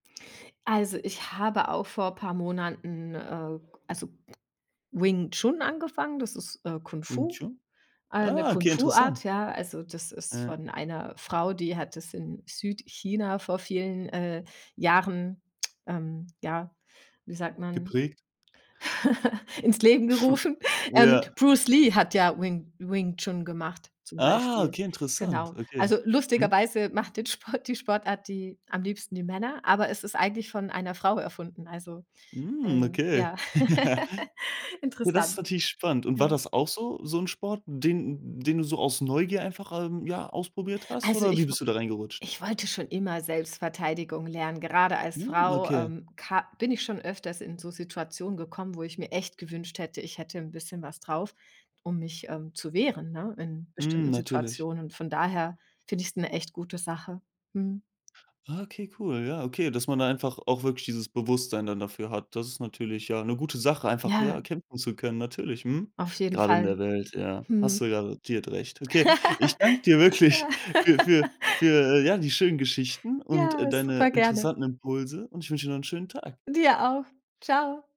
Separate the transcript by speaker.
Speaker 1: Also, ich habe auch vor paar Monaten, äh, k also, Wing Chun angefangen, das ist, äh, Kung
Speaker 2: Wing
Speaker 1: Fu,
Speaker 2: Chun?
Speaker 1: äh, 'ne
Speaker 2: Ah,
Speaker 1: Kung
Speaker 2: okay,
Speaker 1: Fu
Speaker 2: interessant.
Speaker 1: Art, ja. Also, das ist
Speaker 2: Äh.
Speaker 1: von einer Frau, die hat das in Südchina vor vielen, äh, Jahren, ähm, ja, wie sagt man,
Speaker 2: Geprägt.
Speaker 1: ins Leben gerufen. Ähm,
Speaker 2: Ja.
Speaker 1: Bruce Lee hat ja Wing Wing Chun gemacht zum
Speaker 2: Ah,
Speaker 1: Beispiel.
Speaker 2: okay, interessant.
Speaker 1: Genau.
Speaker 2: Okay.
Speaker 1: Also,
Speaker 2: Mhm.
Speaker 1: lustigerweise macht den Sport die Sportart die am liebsten die Männer, aber es ist eigentlich von einer Frau erfunden. Also,
Speaker 2: Mhm,
Speaker 1: äh,
Speaker 2: okay.
Speaker 1: ja,
Speaker 2: Oh, das ist
Speaker 1: interessant.
Speaker 2: natürlich spannend. Und war
Speaker 1: Ja.
Speaker 2: das auch so so 'n Sport, den den du so aus Neugier einfach, ähm, ja ausprobiert hast,
Speaker 1: Also,
Speaker 2: oder wie
Speaker 1: ich w
Speaker 2: bist du da reingerutscht?
Speaker 1: ich wollte schon immer Selbstverteidigung lernen. Gerade als
Speaker 2: Hm,
Speaker 1: Frau,
Speaker 2: okay.
Speaker 1: ähm, ka bin ich schon öfters in so Situationen gekommen, wo ich mir echt gewünscht hätte, ich hätte 'n bisschen was drauf, um mich, ähm zu wehren, ne, in
Speaker 2: Mhm,
Speaker 1: bestimmten
Speaker 2: natürlich.
Speaker 1: Situationen. Und von daher finde ich's 'ne echt gute Sache. Mhm.
Speaker 2: Ah, okay, cool. Ja, okay, dass man da einfach auch wirklich dieses Bewusstsein dann dafür hat. Das ist natürlich ja 'ne gute Sache, einfach
Speaker 1: Ja.
Speaker 2: ja, kämpfen zu können, natürlich, mhm.
Speaker 1: Auf jeden
Speaker 2: Grade in
Speaker 1: Fall.
Speaker 2: der Welt, ja, hast
Speaker 1: Mhm.
Speaker 2: du garantiert recht. Okay, ich danke dir wirklich für für für, äh, ja, die schönen Geschichten und, äh,
Speaker 1: Ja,
Speaker 2: deine
Speaker 1: super gerne.
Speaker 2: interessanten Impulse und ich wünsche dir noch 'n schönen Tag.
Speaker 1: Dir auch. Tschau!